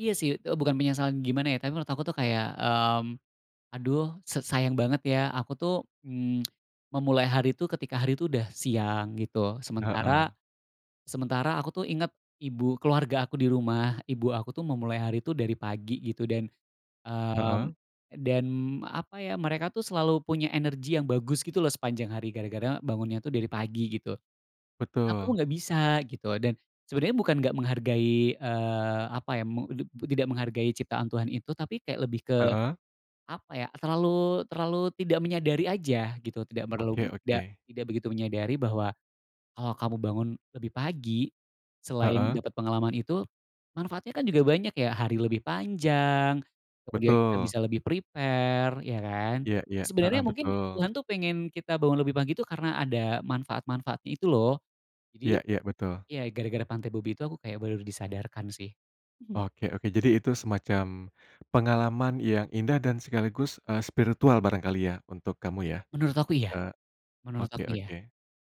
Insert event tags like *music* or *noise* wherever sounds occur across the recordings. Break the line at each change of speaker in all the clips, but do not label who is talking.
Iya sih, eee, bukan penyesalan gimana ya, tapi menurut aku tuh kayak, "mmm, aduh se sayang banget ya aku tuh mmm, *clicks tongue* memulai hari itu ketika hari itu udah siang" gitu, sementara
Heeh.
sementara aku tuh inget ibu, keluarga aku di rumah, ibu aku tuh memulai hari itu dari pagi gitu, dan mmm,
Heeh.
dan apa ya, mereka tuh selalu punya energi yang bagus gitu loh, sepanjang hari gara-gara bangunnya tuh dari pagi gitu. Kenapa aku
Betul.
enggak bisa, gitu, dan sebenarnya bukan enggak menghargai eee, apa ya, meng ti tidak menghargai ciptaan Tuhan itu, tapi kayak lebih ke
Heeh.
apa ya. Terlalu terlalu tidak menyadari aja gitu, tidak perlu,
Oke
da
oke.
tidak begitu menyadari bahwa, kalau kamu bangun lebih pagi selain
Heeh.
dapet pengalaman itu, manfaatnya kan juga banyak ya, hari lebih panjang, kemudian kita
Betul.
bisa lebih prepare, iya kan.
Iya iya, heeh,
Sebenarnya mungkin,
betul.
Tuhan tuh pengen kita bangun lebih pagi itu karena ada manfaat-manfaatnya itu loh, jadi
Iya iya, betul.
ya gara-gara pantai Bobi itu, aku kayak baru disadarkan sih mhm.
Oke oke jadi itu semacam pengalaman yang indah dan sekaligus, eee, spiritual barangkali ya untuk kamu ya.
Menurut aku iya
Eee,
menurut
oke
aku iya.
oke.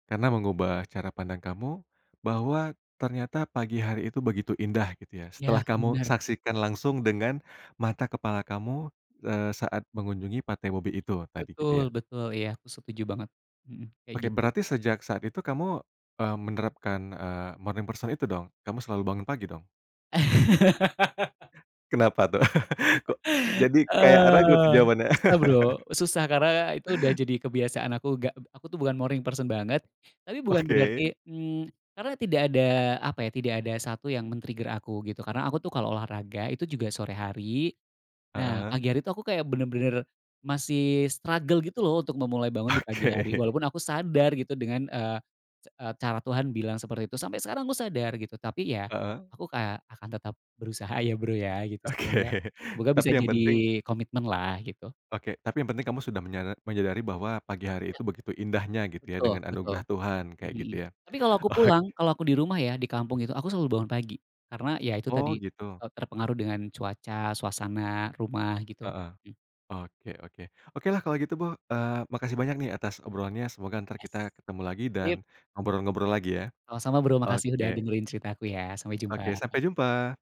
Karena, mengubah cara pandang kamu, bahwa ternyata pagi hari itu begitu indah gitu ya,
Iya,
setelah kamu
benar.
saksikan langsung dengan mata kepala kamu, eee, saat mengunjungi pantai mobil itu, tadi gitu
Betul
ya.
betul iya aku setuju banget mhm, kayak
Oke,
gitu.
berarti sejak saat itu kamu, eee, menerapkan, eee, morning person itu dong, kamu selalu bangun pagi dong?
*laughs*
Kenapa tuh? *laughs* Kok,
*laughs*
jadi kayak ragu tuh
Eee,
jawabannya?
susah Bro,
*laughs*
susah karena, itu udah jadi kebiasaan aku, enggak, aku tuh bukan morning person banget, tapi bukan
Oke.
berarti mmm, karena tidak ada apa ya, tidak ada 1 yang men-trigger aku gitu, karena aku tuh kalo olahraga, itu juga sore hari. Nah,
Heeh.
pagi hari itu aku kayak benar-benar masih struggle gitu loh untuk memulai bangun di pagi hari.
Oke.
Walaupun aku sadar gitu dengan eee, ca cara Tuhan bilang seperti itu sampai sekarang aku sadar gitu tapi ya,
Heeh.
aku kayak akan tetap berusaha ya Bro ya, gitu
Oke,
semoga semoga
tapi
bisa
yang penting
jadi komitmen lah, gitu.
oke, tapi penting kamu sudah menyadar menyadari bahwa pagi hari
Iya.
itu begitu indahnya gitu ya,
Betul
dengan
betul
anugerah Tuhan kayak gitu
mhm.
ya,
Tapi, kalo aku
oke.
pulang, kalo aku dirumah ya, di kampung itu aku selalu bangun pagi karena ya itu
Oh,
tadi,
gitu.
eee, terpengaruh dengan cuaca, suasana, rumah gitu,
Heeh,
m
oke oke, oke lah kalau gitu bo eee, makasih banyak nih atas obrolannya, semoga ntar kita ketemu lagi dan
Ip
ngobrol-ngobrol lagi ya.
Sama sama Bro, makasih udah
Oke.
dengerin cerita aku ya, sampai
Oke,
jumpa.
sampai jumpa!